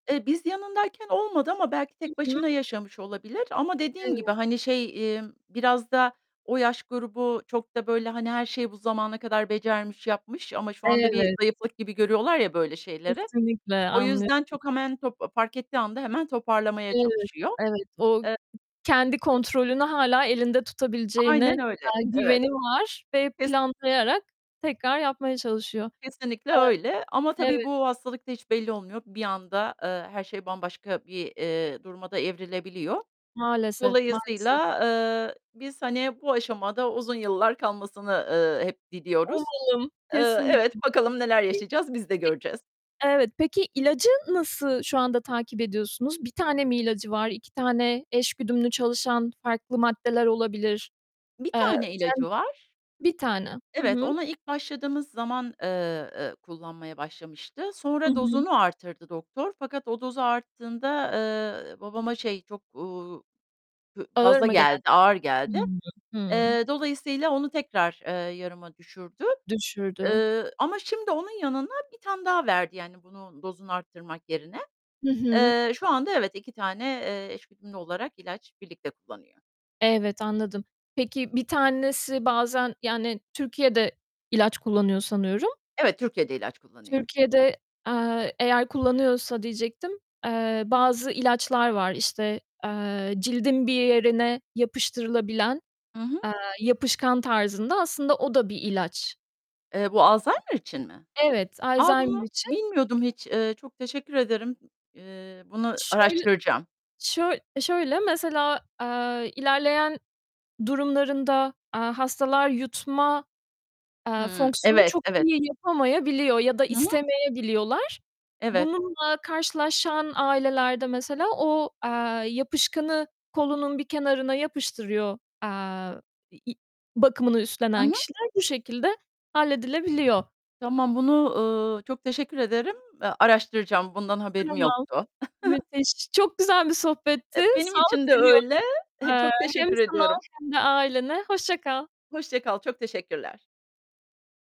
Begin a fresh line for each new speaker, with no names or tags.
Eee, biz yanındayken olmadı ama belki
Hı
tek
hı.
başına yaşamış olabilir ama dediğim gibi
Evet.
hani şey, emm, biraz da o yaş grubu çok da böyle, hani, her şeyi bu zamana kadar becermiş, yapmış ama şu anda bir
Evet.
zayıflık gibi görüyorlar ya böyle şeyleri,
Kesinlikle
o yüzden
anlıyorum.
çok hemen top fark ettiği anda hemen toparlamaya
Evet,
çalışıyor.
evet, o k
Eee
kendi kontrolünü hâlâ elinde tutabileceğine
Aynen öyle.
dair
Evet.
güveni var ve
Kes
planlayarak tekrar yapmaya çalışıyor.
Kesinlikle öyle ama
Eee,
tabii
evet.
bu hastalık da hiç belli olmuyor. Bir anda, eee, her şey bambaşka bir, eee, duruma da evrilebiliyor.
Maalesef, maalesef.
Dolayısıyla, eee, biz hani bu aşamada uzun yıllar kalmasını, eee, hep diliyoruz.
Umarım.
Eee,
Kesinlikle.
evet, bakalım neler
Hı hı.
yaşayacağız, biz de göreceğiz.
Pe evet. Peki, ilacı nasıl şu anda takip ediyorsunuz? 1 tane mi ilacı var? 2 tane eş güdümlü çalışan farklı maddeler olabilir.
1
Eee,
tane ilacı
kend
var.
1 tane. Hı
Evet,
hı.
ona ilk başladığımız zaman, eee, eee, kullanmaya başlamıştı.
Hı
Sonra
hı.
dozunu arttırdı doktor fakat o dozu arttığında, eee, babama şey çok, uuu, hü
Ağır
fazla
mı geldi?
geldi, ağır geldi.
Hımm. Hıı.
Eee, dolayısıyla onu tekrar, eee, yarıma düşürdü,
Düşürdü.
eee, ama şimdi onun yanına 1 tane daha verdi yani bunun dozunu arttırmak yerine.
Hı hı.
Eee, şu anda evet iki tane, eee, eş güdümlü olarak ilaç birlikte kullanıyor.
Evet, anladım. Peki 1 tanesi bazen, yani Türkiye'de ilaç kullanıyor sanıyorum.
Evet, Türkiye'de ilaç kullanıyor.
Türkiye'de, eee, eğer kullanıyorsa diyecektim, eee, bazı ilaçlar var işte, eee, cildin bir yerine yapıştırılabilen,
Hı hı.
eee, yapışkan tarzında, aslında o da bir ilaç.
Eee, bu alzheimer için mi?
Evet,
A,
alzheimer
bunu
için.
bilmiyordum hiç. Eee, çok teşekkür ederim. Eee, Bunu
Şöyle
araştıracağım.
şöy şöyle mesela, eee, ilerleyen durumlarında, eee, hastalar yutma, eee,
Hımm.
fonksiyonu
Evet,
çok
evet.
iyi yapamayabiliyor ya da
Hı hı.
istemeyebiliyorlar.
Evet.
Bununla karşılaşan ailelerde mesela o, eee, yapışkanı kolunun bir kenarına yapıştırıyor, eee, i bakımını
Hı
üstlenen
hı.
kişiler bu şekilde halledilebiliyor.
Tamam, bunu, ııı, çok teşekkür ederim. Eee, araştıracağım, bundan haberim
Tamam.
yoktu.
Müthiş. Çok güzel bir sohbetti.
Eee, benim
Sağlık
için de
diliyorum.
öyle. Eee,
Eee,
çok
hem
teşekkür
sana
ediyorum.
hem de ailene. Hoşça kal.
Hoşça kal, çok teşekkürler.